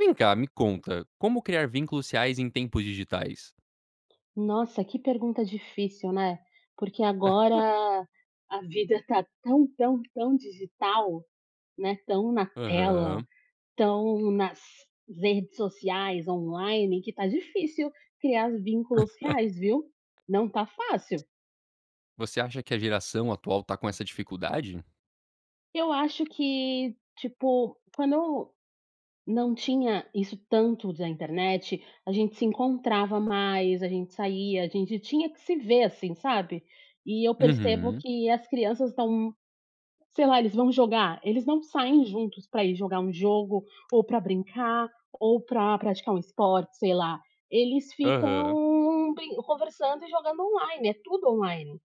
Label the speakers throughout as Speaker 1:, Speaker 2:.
Speaker 1: Vem cá, me conta, como criar vínculos reais em tempos digitais?
Speaker 2: Nossa, que pergunta difícil, né. Porque agora a vida tá tão, tão, tão digital, né, tão na tela,
Speaker 1: Aham.
Speaker 2: tão nas redes sociais, online, que tá difícil criar vínculos reais, viu. Não tá fácil.
Speaker 1: Você acha que a geração atual tá com essa dificuldade?
Speaker 2: Eu acho que, tipo, quando não tinha isso tanto da internet, a gente se encontrava mais, a gente saía, a gente tinha que se ver, assim, sabe. E eu percebo
Speaker 1: Uhum.
Speaker 2: que as crianças estão, sei lá, eles vão jogar, eles não saem juntos pra ir jogar um jogo, ou pra brincar, ou pra praticar um esporte, sei lá. Eles
Speaker 1: Aham.
Speaker 2: ficam brin conversando e jogando online, é tudo online.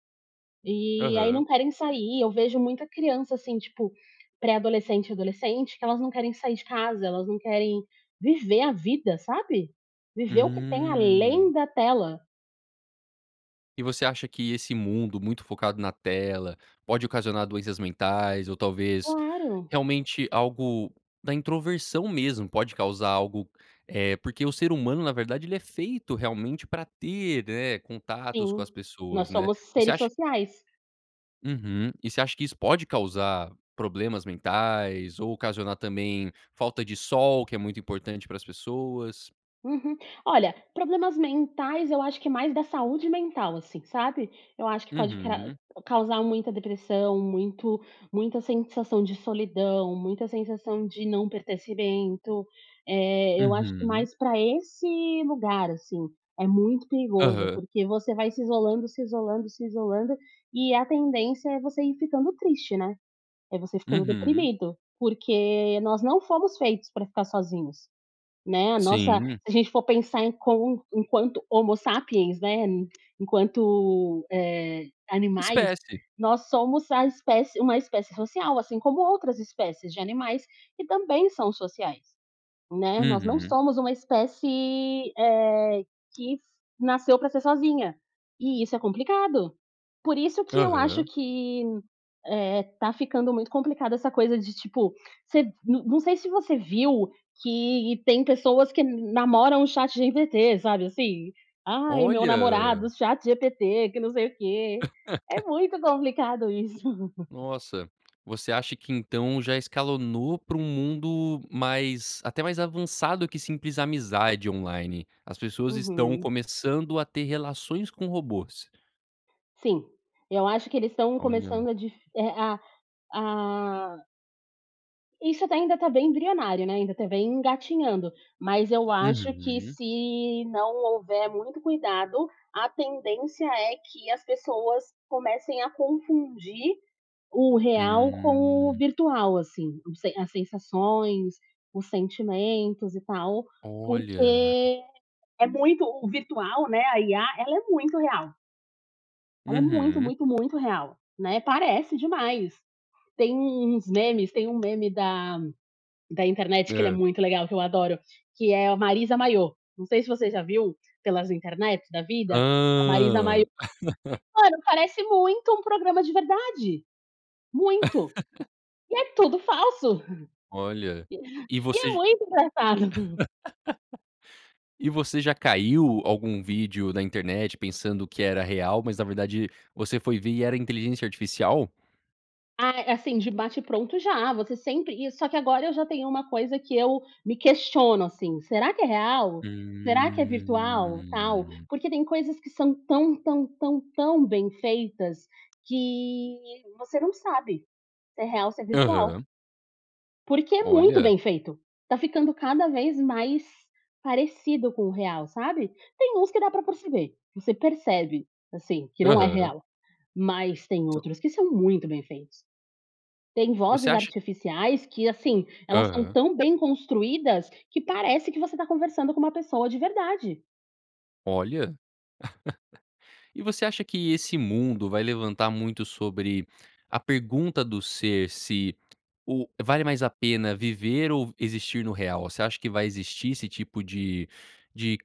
Speaker 2: E aí
Speaker 1: Aham.
Speaker 2: não querem sair, eu vejo muita criança, assim, tipo, pré-adolescente e adolescente, que elas não querem sair de casa, elas não querem viver a vida, sabe. Viver o que tem além
Speaker 1: Hum.
Speaker 2: da tela.
Speaker 1: E você acha que esse mundo muito focado na tela pode ocasionar doenças mentais ou, talvez,
Speaker 2: Claro.
Speaker 1: realmente algo da introversão mesmo, pode causar algo eh, porque o ser humano, na verdade, ele é feito realmente pra ter, né, contatos com
Speaker 2: Sim,
Speaker 1: as pessoas,
Speaker 2: nós
Speaker 1: né.
Speaker 2: somos
Speaker 1: Você
Speaker 2: seres
Speaker 1: acha
Speaker 2: sociais.
Speaker 1: Uhum, e você acha que isso pode causar problemas mentais ou ocasionar também falta de sol, que é muito importante para as pessoas.
Speaker 2: Uhum, olha, problemas mentais eu acho que é mais da saúde mental assim, sabe. Eu acho que pode cra
Speaker 1: Uhum.
Speaker 2: causar muita depressão, muito muita sensação de solidão, muita sensação de não pertencimento. Eh, eu acho que
Speaker 1: Uhum.
Speaker 2: mais pra esse lugar, assim, é muito perigoso,
Speaker 1: Aham.
Speaker 2: porque você vai se isolando, se isolando, se isolando e a tendência é você ir ficando triste, né. É você ficando
Speaker 1: Uhum.
Speaker 2: deprimido, porque nós não fomos feitos pra ficar sozinhos, né, a nossa
Speaker 1: Sim.
Speaker 2: se a gente for pensar em com enquanto homo sapiens, né, enquanto, eh, animais,
Speaker 1: Espécie.
Speaker 2: nós somos a espécie uma espécie social, assim como outras espécies de animais, que também são sociais, né. Nós não
Speaker 1: Uhum.
Speaker 2: somos uma espécie, eh, que nasceu pra ser sozinha, e isso é complicado. Por isso que eu acho
Speaker 1: Aham.
Speaker 2: que, eh, tá ficando muito complicado essa coisa de, tipo, se não não sei se você viu, que tem pessoas que namoram o ChatGPT, sabe assim? "Ai, meu namorado
Speaker 1: Olha.
Speaker 2: ChatGPT que não sei o quê". É muito complicado isso.
Speaker 1: Nossa, você acha que então já escalonou pra um mundo mais até mais avançado que simples amizade online. As pessoas estão
Speaker 2: Uhum.
Speaker 1: começando a ter relações com robôs.
Speaker 2: Sim, eu acho que eles estão
Speaker 1: Olha.
Speaker 2: começando a difi a a Isso até ainda está bem embrionário, né, ainda tá bem engatinhando, mas eu acho que
Speaker 1: Uhum.
Speaker 2: se não houver muito cuidado, a tendência é que as pessoas comecem a confundir o real com o
Speaker 1: Hum.
Speaker 2: virtual, assim, os sen as sensações, os sentimentos e tal,
Speaker 1: Olha.
Speaker 2: porque é muito o virtual, né, a IA ela é muito real. Ela é muito,
Speaker 1: Uhum.
Speaker 2: muito, muito real, né, parece demais, tem uns memes, tem um meme da da internet que ele é
Speaker 1: Hã.
Speaker 2: muito legal que eu adoro, que é a Marisa Mayô, não sei se você já viu pelas internet da vida a Marisa
Speaker 1: Hã.
Speaker 2: Mayô, mano parece muito um programa de verdade, muito, e é tudo falso,
Speaker 1: Olha, e
Speaker 2: e é
Speaker 1: você,
Speaker 2: muito engraçado.
Speaker 1: e você já caiu algum vídeo da internet pensando que era real, mas na verdade você foi ver e era inteligência artificial?
Speaker 2: Ah, assim, de bate-pronto, já. Você sempre e só que agora eu já tenho uma coisa que eu me questiono, assim: "Será que é real? Será que é virtual e tal?"
Speaker 1: Hum.
Speaker 2: Porque tem coisas que são tão, tão, tão, tão bem feitas que você não sabe se é real ou se é virtual.
Speaker 1: Aham.
Speaker 2: Porque é muito
Speaker 1: Olha.
Speaker 2: bem feito. Está ficando cada vez mais parecido com o real, sabe. Tem uns que dá pra perceber. Você percebe, assim, que não é
Speaker 1: Aham.
Speaker 2: real, mas tem
Speaker 1: So
Speaker 2: outros que são muito bem feitos. Tem
Speaker 1: Você
Speaker 2: vozes
Speaker 1: acha
Speaker 2: artificiais que, assim, elas são
Speaker 1: Aham.
Speaker 2: tão bem construídas que parece que você está conversando com uma pessoa de verdade.
Speaker 1: Olha. E você acha que esse mundo vai levantar muito sobre a pergunta do ser se o vale mais a pena viver ou v existir no real? Você acha que vai existir esse tipo de de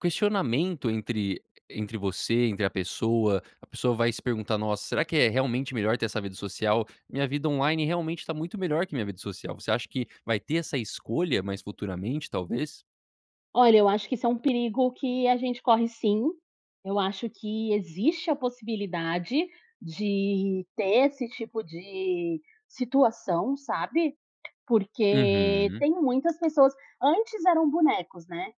Speaker 1: questionamento entre entre você, entre a pessoa. A pessoa vai se perguntar: "Nossa, será que é realmente melhor ter essa vida social? Minha vida online realmente está muito melhor que minha vida social". Você acha que vai ter essa escolha mais futuramente, talvez?
Speaker 2: Olha eu acho que isso é um perigo que a gente corre sim. Eu acho que existe a possibilidade de ter esse tipo de situação, sabe? Porque
Speaker 1: Uhum.
Speaker 2: tem muitas pessoas antes eram bonecos, né.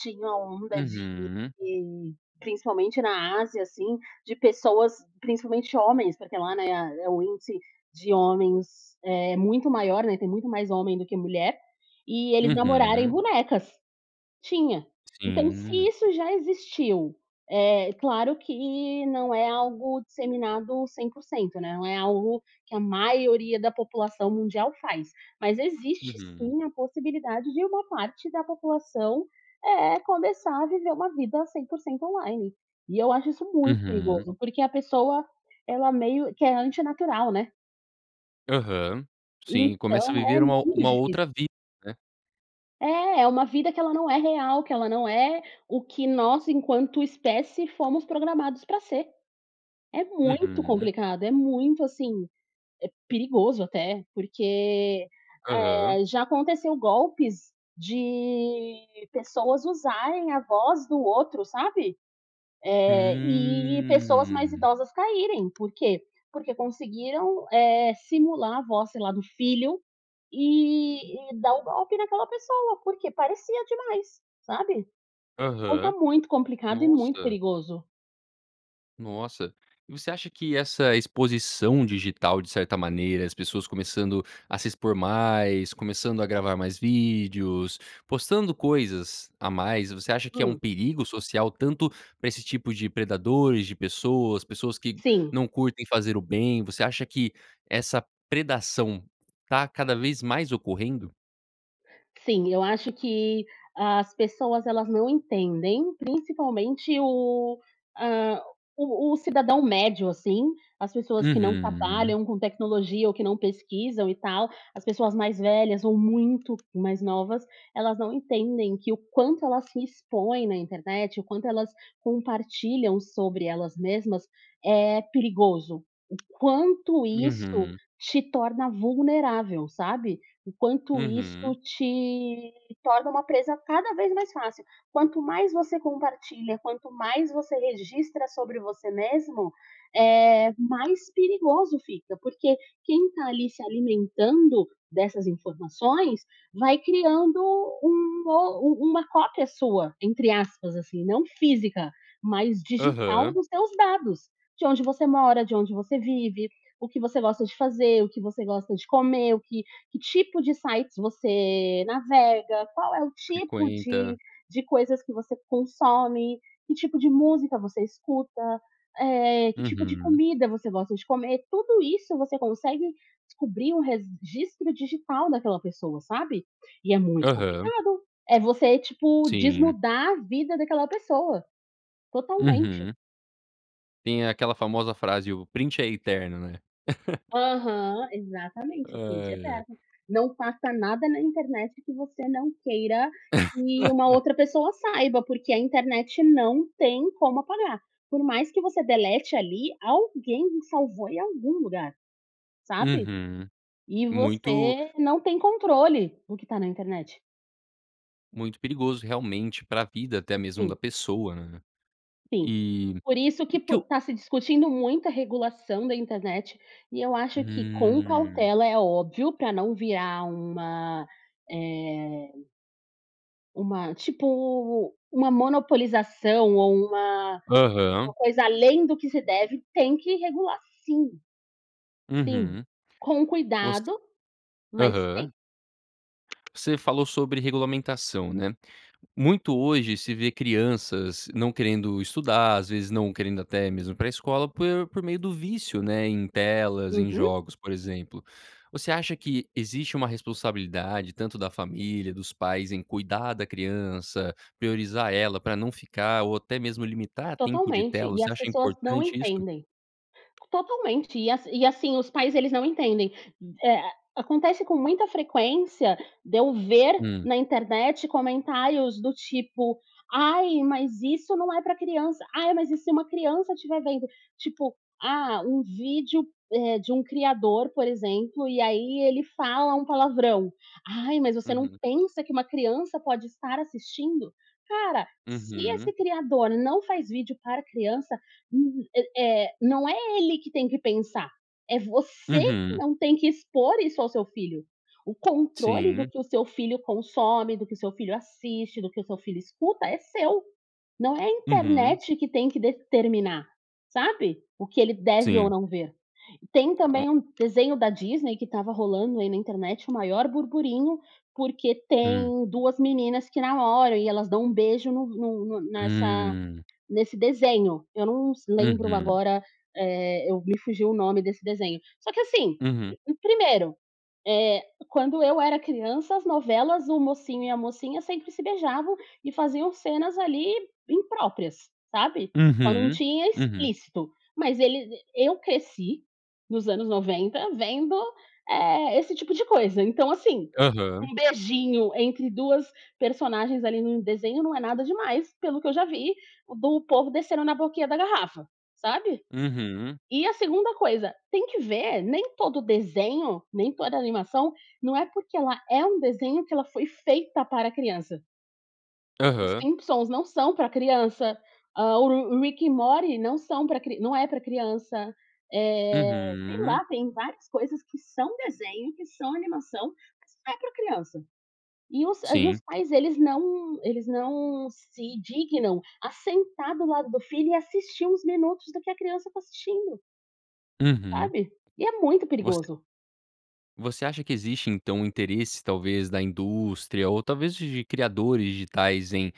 Speaker 2: Tinha a onda de
Speaker 1: Uhum.
Speaker 2: de, principalmente na Ásia assim, de pessoas, principalmente homens, porque lá, né, é o índice de homens, eh muito maior, né, tem muito mais homem do que mulher, e eles namorarem
Speaker 1: Uhum.
Speaker 2: bonecas Tinha. Então se
Speaker 1: Sim.
Speaker 2: isso já existiu, é claro que não é algo disseminado 100%, né, não é algo que a maioria da população mundial faz, mas existe
Speaker 1: Uhum.
Speaker 2: sim a possibilidade de uma parte da população, eh, começar a viver uma vida 100% online. E eu acho isso muito
Speaker 1: Uhum.
Speaker 2: perigoso, porque a pessoa, ela meio que é antinatural, né.
Speaker 1: Aham, sim, começa a
Speaker 2: Então
Speaker 1: viver
Speaker 2: é mu
Speaker 1: uma
Speaker 2: é muito
Speaker 1: uma outra
Speaker 2: difícil.
Speaker 1: vida, né.
Speaker 2: É, é uma vida que ela não é real, que ela não é o que nós enquanto espécie fomos programados pra ser. É muito
Speaker 1: Uhum.
Speaker 2: complicado, é muito assim, é perigoso até, porque,
Speaker 1: Aham.
Speaker 2: eh, já aconteceu golpes de pessoas usarem a voz do outro, sabe? Eh, e pessoas mais
Speaker 1: Hum.
Speaker 2: idosas caírem, por quê? Porque conseguiram, eh, simular a voz, sei lá, do filho, e e dar o golpe daquela pessoa, porque parecia demais, sabe? Então está
Speaker 1: Aham.
Speaker 2: muito complicado é muito
Speaker 1: Nossa.
Speaker 2: perigoso.
Speaker 1: Nossa. E você acha que essa exposição digital, de certa maneira, as pessoas começando a se expor mais, começando a gravar mais vídeos, postando coisas a mais, você acha que é um
Speaker 2: Hum.
Speaker 1: perigo social, tanto pra esse tipo de predadores, de pessoas, pessoas que
Speaker 2: Sim.
Speaker 1: não curtem fazer o bem. Você acha que essa predação tá cada vez mais ocorrendo?
Speaker 2: Sim, eu acho que as pessoas, elas não entendem, principalmente o, ah, o o cidadão médio, assim, as pessoas que não
Speaker 1: Uhum.
Speaker 2: trabalham com tecnologia, ou que não pesquisam, e tal, as pessoas mais velhas ou muito mais novas, elas não entendem que o quanto elas se expõem na internet, o quanto elas compartilham sobre elas mesmas, é perigoso. O quanto isso
Speaker 1: Uhum.
Speaker 2: te torna vulnerável, sabe, o quanto isso
Speaker 1: Uhum.
Speaker 2: te torna uma presa cada vez mais fácil. Quanto mais você compartilha, quanto mais você registra sobre você mesmo, eh, mais perigoso fica, porque quem tá, ali, se alimentando dessas informações, vai criando um o u uma cópia sua, entre aspas, assim, não física, mas digital
Speaker 1: Aham.
Speaker 2: dos teus dados. De onde você mora, de onde você vive, o que você gosta de fazer, o que você gosta de comer, o que que tipo de sites você navega, qual é o tipo de
Speaker 1: Frequenta.
Speaker 2: de coisas que você consome, que tipo de música você escuta, eh, que tipo de
Speaker 1: Uhum.
Speaker 2: comida você gosta de comer, tudo isso você consegue descobrir um registro digital daquela pessoa, sabe. E é muito
Speaker 1: Aham.
Speaker 2: complicado, é você, tipo,
Speaker 1: Sim.
Speaker 2: desnudar a vida daquela pessoa. Totalmente.
Speaker 1: Uhum. Tem aquela famosa frase: "O print é eterno, né."
Speaker 2: Aham, exatamente, o print é
Speaker 1: Ai, ai.
Speaker 2: eterno. Não posta nada na internet que você não queira que uma outra pessoa saiba, porque a internet não tem como apagar. Por mais que você delete ali, alguém já salvou em algum lugar, sabe?
Speaker 1: Uhum.
Speaker 2: E
Speaker 1: Muito
Speaker 2: você não tem controle do que tá na internet.
Speaker 1: muito perigoso, realmente, para a vida até mesmo da
Speaker 2: Sim.
Speaker 1: pessoa, né.
Speaker 2: Sim.
Speaker 1: E
Speaker 2: Por isso que
Speaker 1: que
Speaker 2: por
Speaker 1: eu
Speaker 2: tá se discutindo muita regulação da internet e eu acho que com
Speaker 1: Hum.
Speaker 2: cautela, é óbvio, pra não virar uma, eh uma tipo, uma monopolização ou uma uma
Speaker 1: Aham.
Speaker 2: coisa além do que se deve, tem que regular, sim. Sim,
Speaker 1: Uhum.
Speaker 2: com
Speaker 1: Os
Speaker 2: cuidado, mas
Speaker 1: aham.
Speaker 2: tem.
Speaker 1: Você falou sobre regulamentação, né? Muito hoje se vê crianças não querendo estudar, às vezes não querendo até mesmo ir pra escola por por meio do vício, né, em telas, em
Speaker 2: Uhum.
Speaker 1: jogos, por exemplo. Você acha que existe uma responsabilidade tanto da família, dos pais em cuidar da criança, priorizar ela pra não ficar, ou até mesmo limitar tempo de tela.
Speaker 2: Totalmente, e
Speaker 1: Você
Speaker 2: as
Speaker 1: acha
Speaker 2: pessoas não
Speaker 1: importante isto?
Speaker 2: entendem. Totalmente e a e a e assim, os pais, eles não entendem, eh. Acontece com muita frequência de eu ver
Speaker 1: Hum.
Speaker 2: na internet comentários do tipo: "Ai, mas isso não é pra criança. Ai mas e se uma criança estiver vendo?" Tipo, ah, um vídeo, eh, de um criador, por exemplo, e aí ele fala um palavrão: "Ai, mas você não
Speaker 1: Uhum.
Speaker 2: pensa que uma criança pode estar assistindo?" Cara, se
Speaker 1: Uhum.
Speaker 2: esse criador não faz vídeo para criança, hum eh eh, não é ele que tem que pensar, é você que
Speaker 1: Uhum.
Speaker 2: não tem que expor isso ao seu filho. O controle do
Speaker 1: Sim.
Speaker 2: que o seu filho consome, do que o seu filho assiste, do que o seu filho escuta, é seu. Não é a
Speaker 1: Uhum.
Speaker 2: internet que tem que determinar, sabe, o que ele deve ou
Speaker 1: Sim.
Speaker 2: não ver. Tem
Speaker 1: A o.
Speaker 2: também um desenho da Disney que estava rolando aí na internet o maior burburinho, porque
Speaker 1: Hum.
Speaker 2: tem 2 meninas que namoram e elas dão beijo no no no nessa
Speaker 1: Hum.
Speaker 2: nesse desenho. Eu não s lembro
Speaker 1: Uhum.
Speaker 2: agora, eh me fugiu o nome desse desenho. Só que assim,
Speaker 1: Uhum.
Speaker 2: 1º, eh, quando eu era criança, as novelas, o mocinho e a mocinha sempre se beijavam e faziam cenas, ali, impróprias, sabe? Só não
Speaker 1: Uhum,
Speaker 2: tinha
Speaker 1: uhum.
Speaker 2: explícito, mas ele eu cresci nos anos 90 vendo, eh, esse tipo de coisa, então, assim,
Speaker 1: Aham.
Speaker 2: um beijinho entre 2 personagens ali num desenho não é nada demais pelo que eu já vi do povo descendo na boquinha da garrafa, sabe?
Speaker 1: Uhum.
Speaker 2: E a 2ª coisa, tem que ver, nem todo o desenho, nem toda animação, não é porque ela uma é desenho que ela foi feita para criança. Os
Speaker 1: Aham.
Speaker 2: Simpsons não são pra criança, hã, o Ru Rick e Morty não são pra cri não é pra criança. Eh, sei
Speaker 1: Uhum.
Speaker 2: lá, tem várias coisas que são desenho, que são animação, mas não é pra criança. E os e os
Speaker 1: Sim.
Speaker 2: pais eles não eles não se dignam a sentar do lado do filho e assistir uns minutos do que a criança está assistindo
Speaker 1: Uhum.
Speaker 2: sabe. E é muito
Speaker 1: Você
Speaker 2: perigoso.
Speaker 1: Você acha que existe, então, um interesse, talvez, da indústria ou, talvez, de criadores digitais em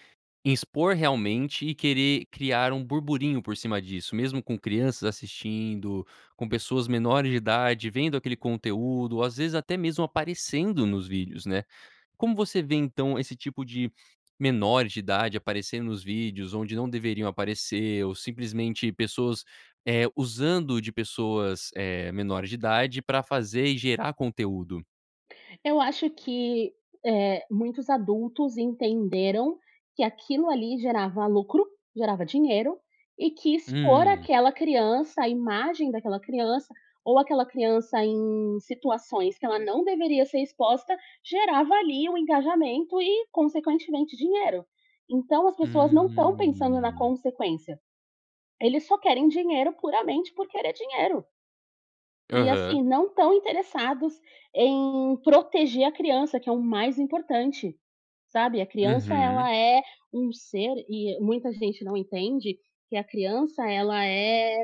Speaker 1: expor realmente e querer criar um burburinho por cima disso? Mesmo com crianças assistindo, com pessoas menores de idade vendo aquele conteúdo ou, às vezes, até mesmo aparecendo nos vídeos, né. Como você vê, então, esse tipo de menor de idade aparecendo nos vídeos onde não deveriam aparecer ou simplesmente pessoas, eh, usando de pessoas, eh, menores de idade pra fazer e gerar conteúdo?
Speaker 2: Eu acho que, eh, muitos adultos entenderam que aquilo ali gerava lucro, gerava dinheiro e que expor
Speaker 1: Hum.
Speaker 2: aquela criança, a imagem daquela criança ou aquela criança em situações que ela não deveria ser exposta, gerava ali o engajamento e consequentemente dinheiro. Então as pessoas não estão pensando na
Speaker 1: Hum.
Speaker 2: consequência. Eles só querem dinheiro puramente por querer dinheiro. E,
Speaker 1: Aham.
Speaker 2: assim, não estão interessados em proteger a criança, que é o mais importante, sabe. A criança
Speaker 1: Uhum.
Speaker 2: ela é um ser, e muita gente não entende que a criança ela é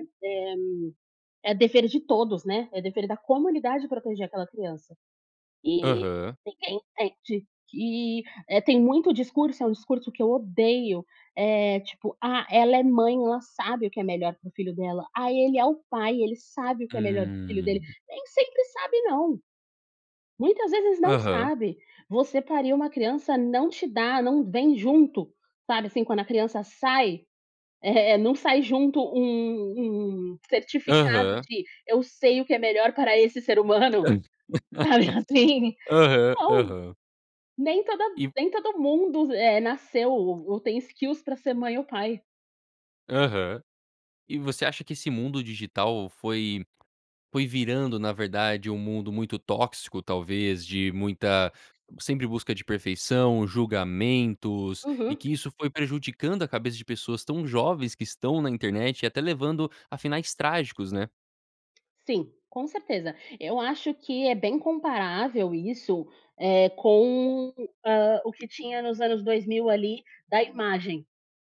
Speaker 2: é é dever de todos, né, é dever da comunidade proteger aquela criança. E
Speaker 1: Aham.
Speaker 2: ninguém entende que, eh, tem muito discurso, é um discurso que eu odeio, é tipo: "Ah, ela é mãe, ela sabe o que é melhor para o filho dela. Aí ele é o pai, ele sabe o que é melhor para o filho dele".
Speaker 1: Hum.
Speaker 2: Nem sempre sabe não, muitas vezes não
Speaker 1: Aham.
Speaker 2: sabe. Você pariu uma criança não te dá não vem junto, sabe, assim, quando a criança sai, eh, não sai junto um um certificado
Speaker 1: Aham.
Speaker 2: de: "Eu sei o que é melhor para esse ser humano." Sabe assim?
Speaker 1: Aham,
Speaker 2: Não,
Speaker 1: aham.
Speaker 2: nem toda
Speaker 1: E
Speaker 2: nem todo mundo, eh, nasceu ou tem skills pra ser mãe ou pai.
Speaker 1: Aham. E você acha que esse mundo digital foi foi virando, na verdade, um mundo muito tóxico? Talvez de muita sempre busca de perfeição, julgamentos, e
Speaker 2: Uhum.
Speaker 1: que isso foi prejudicando a cabeça de pessoas tão jovens que estão na internet e até levando a finais trágicos, né?
Speaker 2: Sim, com certeza. Eu acho que é bem comparável isso, eh, com, hã, o que tinha nos anos 2000 ali da imagem.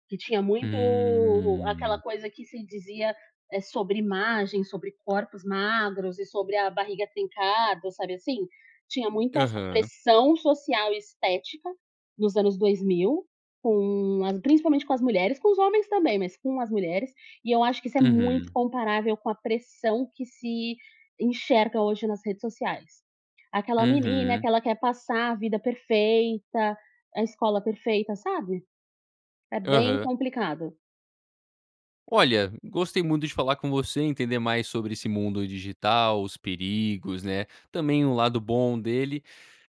Speaker 2: Que tinha muito aquela
Speaker 1: Hum.
Speaker 2: coisa que se dizia sobre imagem, sobre corpos magros e sobre a barriga trincada, sabe assim? Tinha muita essa
Speaker 1: Aham.
Speaker 2: pressão social e estética nos anos 2000, com a principalmente com as mulheres, com os homens também, mas com as mulheres. E eu acho que isso é muito
Speaker 1: Uhum.
Speaker 2: comparável com a pressão que se enxerga hoje nas redes sociais. Aquela menina
Speaker 1: Uhum.
Speaker 2: que ela quer passar a vida perfeita, a escola perfeita, sabe. É bem
Speaker 1: Aham.
Speaker 2: complicado.
Speaker 1: Olha, gostei muito de falar com você e entender mais sobre esse mundo digital, os perigos, né, também o lado bom dele.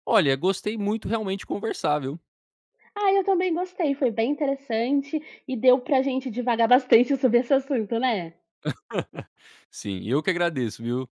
Speaker 1: Olha, gostei muito realmente conversar, viu?
Speaker 2: Ah, eu também gostei, foi bem interessante e deu pra gente divagar bastante sobre esse assunto, né?
Speaker 1: Sim, eu que agradeço, viu?